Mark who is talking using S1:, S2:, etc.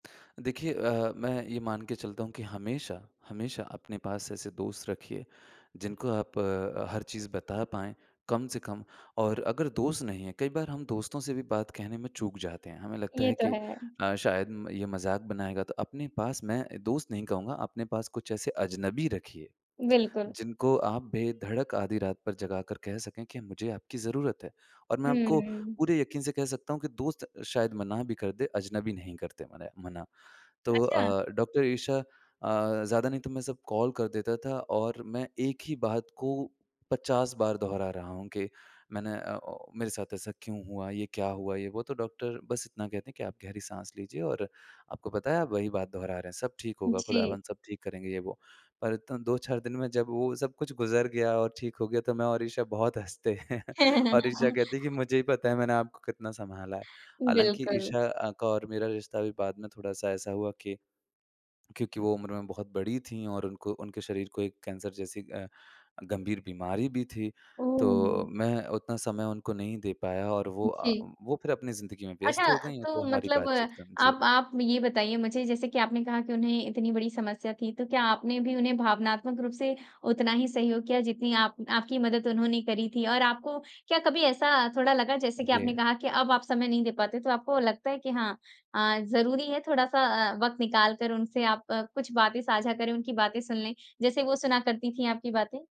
S1: देखिए अ, मैं ये मान के चलता हूँ कि हमेशा, हमेशा अपने पास ऐसे दोस्त रखिए, जिनको आप हर चीज़ बता पाएँ, कम से कम और अगर दोस्त नहीं है, कई बार हम दोस्तों से भी बात कहने में चूक जाते हैं। हमें लगता
S2: ये
S1: है
S2: तो
S1: के
S2: है।
S1: अ, शायद म ये मज़ाक बनाएगा तो अपने पास मैं दोस्त नहीं कहूँगा, अपने पास कुछ ऐसे अजनबी रखिए,
S2: बिल्कुल।
S1: जिनको आप बेधड़क आधी रात पर जगाकर कह सकें कि मुझे आपकी जरूरत है। और मैं आपको
S2: हुँ।
S1: पूरे यकीन से कह सकता हूँ कि दोस्त शायद मना भी कर दे, अजनबी नहीं करते मने मना। तो
S2: अच्छा।
S1: अ, डॉक्टर ईशा अ, ज़्यादा नहीं तो मैं सब कॉल कर देता था और मैं 1 ही बात को 50 बार दोहरा रहा हूँ कि मैंने अ, ओ मेरे साथ ऐसा क्यों हुआ? ये क्या हुआ? ये वो तो डॉक्टर बस इतना कहते हैं कि आप गहरी साँस लीजिए और आपको पता है आप बात दोहरा रहे हैं, सब ठीक होगा
S2: जी।
S1: खुदावन सब ठीक करेंगे ये वो, पर इतना 2-4 दिन में जब वो सब कुछ गुज़र गया और ठीक हो गया तो मैं और ईशा बहुत हँसते हैं और ईशा कहती है कि मुझे ही पता है मैंने आपको कितना सँभाला है। हालाँकि
S2: बिल्कुल।
S1: ईशा अ, का और मेरा रिश्ता भी बाद में थोड़ा-सा ऐसा हुआ के क्योंकि वो उम्र में बहुत बड़ी थी और उनको उनके शरीर को एक कैंसर जैसी अ, गंभीर बीमारी भी थी, तो
S2: ओह!
S1: मैं उतना समय उनको नहीं दे पाया और वो अ,
S2: जी।
S1: वो फिर अपनी ज़िंदगी में
S2: अच्छा
S1: व्यस्त हो गई हैं
S2: तो
S1: तो हमारी
S2: मतलब
S1: बातचीत कम जी।
S2: आप आप ये बताइए मुझे जैसे कि आपने कहा कि उन्हें इतनी बड़ी समस्या थी तो क्या आपने भी उन्हें भावनात्मक रूप से उतना ही सहयोग किया जितनी आप आपकी मदद उन्होंने करी थी? और आपको क्या कभी ऐसा थोड़ा लगा जैसे कि
S1: जी।
S2: आपने कहा की अब आप समय नहीं दे पाते तो आपको लगता है कि हाँ, अ, ज़रूरी है थोड़ा-सा अ, वक़्त निकाल कर उनसे आप अ, कुछ बातें साझा करें, उनकी बातें सुन लें? जैसे वो सुना करती थी आपकी बातें।